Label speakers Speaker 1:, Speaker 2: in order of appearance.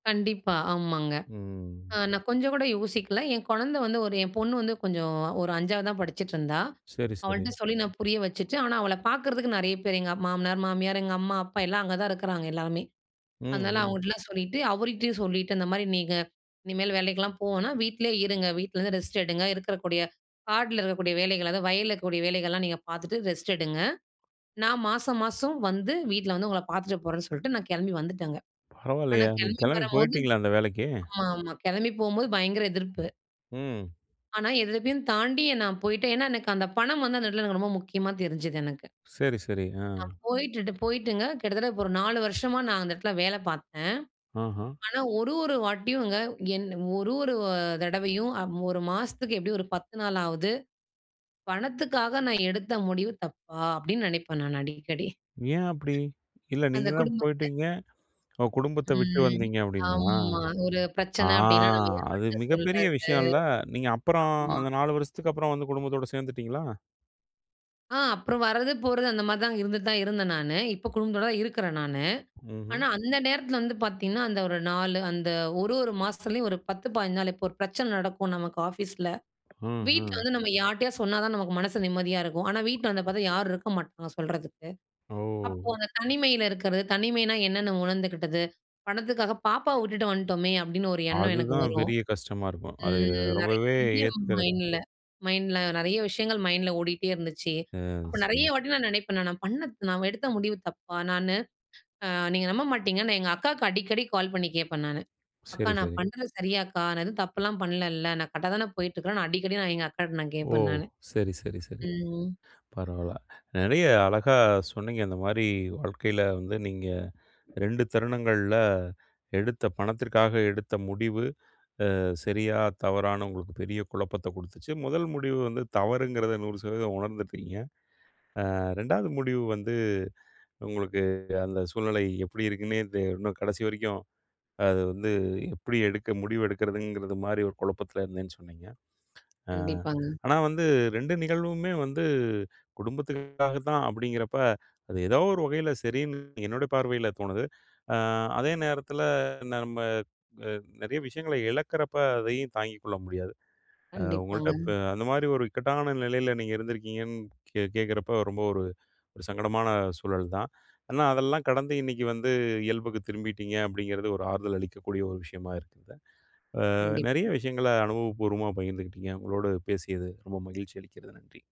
Speaker 1: கண்டிப்பா! ஆமாங்க. அ
Speaker 2: ம்.
Speaker 1: நான் கொஞ்ச கூட யோசிக்கல. என் குழந்தை வந்து ஒரு என் பொண்ணு வந்து, கொஞ்சம் ஒரு 5ஆவது தான் படிச்சிட்டுருந்தா.
Speaker 2: சரி,
Speaker 1: அவள்ட்ட
Speaker 2: சரி.
Speaker 1: சொல்லி, நான் புரிய வச்சுட்டு, ஆனா அவள பாக்கறதுக்கு நெறைய பேர், எங்க அம் மாமனார், மாமியார், எங்க அம்மா, அப்பா எல்லாம், அங்க தான் இருக்குறாங்க எல்லாருமே.
Speaker 2: ம்.
Speaker 1: அதுனால
Speaker 2: ம்.
Speaker 1: அவங்கட்டலாம் சொல்லிட்டு, அவருகிட்டயும் சொல்லிட்டு, இந்த மாதிரி நீங்க இனிமேல் வேலைக்குலாம் போ வேணாம், வீட்லேயே இருங்க. வீட்லருந்து ரெஸ்ட் எடுங்க. இருக்கிறக்கூடிய காடுல இருக்கக்கூடிய வேலைகள், அதாவது வயலில்லக்கக்கூடிய வேலைகள்லாம் நீங்க பார்த்துட்டு, ரெஸ்ட் எடுங்க. நான் மாசம், மாசம் வந்து வீட்ல வந்து உங்கள பாத்துட்டு போறேன்னு சொல்லிட்டு, நான் கிளம்பி வந்துட்டேன்ங்க. ஆனா
Speaker 2: பரவாலையே! நீங்க
Speaker 1: கிளம்பி
Speaker 2: கிளம்பி
Speaker 1: வரம்போது
Speaker 2: போய்ட்டீங்களா, அந்த வேலைக்கு?
Speaker 1: ஆமா, ஆமா. கிளம்பி போம்போது பயங்கர எதிர்ப்பு.
Speaker 2: ம்.
Speaker 1: ஆனா, இதலவயும் தாண்டி நான் போயிட்டேன். ஏன்னா, எனக்கு அந்த பணம் வந்து, அந்த இடத்தில எனக்கு ரொம்ப முக்கியமா தெரிஞ்சது எனக்கு.
Speaker 2: சரி, சரி. ஆ.
Speaker 1: நான் போயிட்டுட்டு போயிட்டுங்க, கிட்டத்தட்ட ஒரு 4 வருஷமா நான் அந்த இடத்தில வேல பாத்தேன்.
Speaker 2: ஆஹா!
Speaker 1: ஆனா ஒரு, ஒரு வாட்டியுங்க என் ஒரு, ஒரு அ தடவையும் அ 1 மாசத்துக்கு எப்படியும் ஒரு 10 நாளாவது, பணத்துக்காக நான் எடுத்த முடிவு தப்பா! அப்படின்னு நினைப்பேன் நான் அடிக்கடி.
Speaker 2: ஏன், அப்படி? இல்ல, நீங்க
Speaker 1: அந்த
Speaker 2: தான்
Speaker 1: குடும்பத்த
Speaker 2: போய்ட்டீங்க ஓ குடும்பத்த விட்டு
Speaker 1: ம்.
Speaker 2: வந்தீங்க அப்படின்னா?
Speaker 1: ஆமா. ஒரு
Speaker 2: ஆ.
Speaker 1: பிரச்சனை அப்படின்னா, நம்ம
Speaker 2: அது
Speaker 1: யார்ட்ட
Speaker 2: மிகப்பெரிய
Speaker 1: சொல்றது?
Speaker 2: விஷயம்ல? நீங்க அப்பறம்
Speaker 1: ஆமா.
Speaker 2: அந்த 4 வருஷத்துக்கு அப்பறம் வந்து குடும்பத்தோட சேர்ந்துட்டீங்களா?
Speaker 1: ஆ. அப்றம் வரது, போறது, அந்த மாதிரி தான் இருந்துட்டு தான் இருந்தேன் நானு. இப்போ குடும்பத்தோடு தான் இருக்குறேன் நானு.
Speaker 2: ம்ஹும்.
Speaker 1: ஆனா அந்த நேரத்தில வந்து பாத்திங்கன்னா, அந்த ஒரு 4 அந்த ஒரு ஒரு மாசத்துலேயும் ஒரு 10, 15 நாள். இப்போ ஒரு பிரச்சனை நடக்கும் நமக்கு ஆஃபீஸில,
Speaker 2: ம்.
Speaker 1: வீட்ல
Speaker 2: ம்.
Speaker 1: வந்து நம்ம யார்ட்டயாது சொன்னா தான் நமக்கு மனசு நிம்மதியா இருக்கும். ஆனா வீட்ல வந்து பாத்தா, யாரும் இருக்க மாட்டாங்க சொல்றதுக்கு. அப்போ
Speaker 2: ஓ!
Speaker 1: அந்த தனிமையில இருக்குறது. தனிமைனா என்னென்னு உணர்ந்துக்கிட்டது, பணத்துக்காக பாப்பாவ விட்டுட்டு வன்டோமே, அப்படின்னு ஒரு எண்ணம் எனக்கு
Speaker 2: அதுதான்,
Speaker 1: வரும்.
Speaker 2: பெரிய கஷ்டமா இருக்கும். அது
Speaker 1: ம்.
Speaker 2: ரொம்பவே
Speaker 1: நெறைய
Speaker 2: ஏத்துக்கிறது
Speaker 1: மைண்ட்ல மைண்ட்ல நெறைய விஷயங்கள் மைண்ட்ல ஓடிட்டே இருந்துச்சு.
Speaker 2: அ,
Speaker 1: அப்போ நெறைய
Speaker 2: சரி.
Speaker 1: வாட்டி நான் நினைப்பேன் நானு, நான் பண்ண நான் எடுத்த முடிவு தப்பா? நானு அ நீங்க நம்ப மாட்டீங்க! நான் எங்க அக்காக்கு அடிக்கடி கால் பண்ணி கேப்பேன் நானு. அக்கா!
Speaker 2: சரி.
Speaker 1: நான்
Speaker 2: சரி.
Speaker 1: பண்றது சரியாக்கா? நான் எதுவும் தப்புலாம் பண்ணலல? நான் கரெக்டா தான போயிட்டுருக்கேன்? நான் அடிக்கடி, நான் எங்க அக்காட்ட நான்
Speaker 2: ஓ!
Speaker 1: கேப்பேன் நானு.
Speaker 2: சரி, சரி, சரி.
Speaker 1: ம்.
Speaker 2: பரவால்ல. நெறைய அழகா சொன்னீங்க இந்த மாரி, வாழ்க்கைல வந்து நீங்க 2 தருணங்கள்ல எடுத்த பணத்திற்காக எடுத்த முடிவு, அ சரியா? தவறான்னு உங்களுக்கு பெரிய குழப்பத்தை கொடுத்துச்சு. 1 முடிவு வந்து தவறுங்கிறது, 100% உணர்ந்துட்டீங்க. அ 2ஆவது முடிவு வந்து, உங்களுக்கு அந்த சூழ்நிலை எப்படி இருக்குனே தெ இன்னும் கடைசி வரைக்கும், அது வந்து எப்டி எடுக்க முடிவு எடுக்கிறதுங்கிறது மாரி ஒரு குழப்பத்தில இருந்தேன்னு சொன்னீங்க. ஆ,
Speaker 1: கண்டிப்பாங்க.
Speaker 2: ஆனா வந்து, 2 நிகழ்வுமே வந்து குடும்பத்துக்காகத்தான் அப்படிங்கிறப்ப, அது ஏதோ ஒரு வகையில் சரின்னு என்னுடைய பார்வையில தோணுது. ஆ அதே நேரத்தில நம்ம அ நிறைய விஷயங்களை இழக்கிறப்ப அதையும் தாங்கிக் கொள்ள முடியாது. அ உங்ககிட்ட
Speaker 1: கண்டிப்பாங்க.
Speaker 2: இப்போ அந்த மாதிரி ஒரு இக்கட்டான நிலையில நீங்க இருந்திருக்கீங்கன்னு கே கேட்கிறப்போ, ரொம்ப ஒரு சங்கடமான சூழல் தான். ஆனா அதெல்லாம் கடந்து, இன்னைக்கு வந்து இயல்புக்கு திரும்பிட்டீங்க, அப்படிங்கிறது ஒரு ஆறுதல் அளிக்கக்கூடிய ஒரு விஷயமா இருக்குது. ஆ நெறைய
Speaker 1: கண்டிப்பா.
Speaker 2: விஷயங்கள அனுபவப்பூர்வமா பகிர்ந்துகிட்டீங்க. உங்களோடு பேசியது ரொம்ப மகிழ்ச்சி அளிக்கிறது. நன்றி!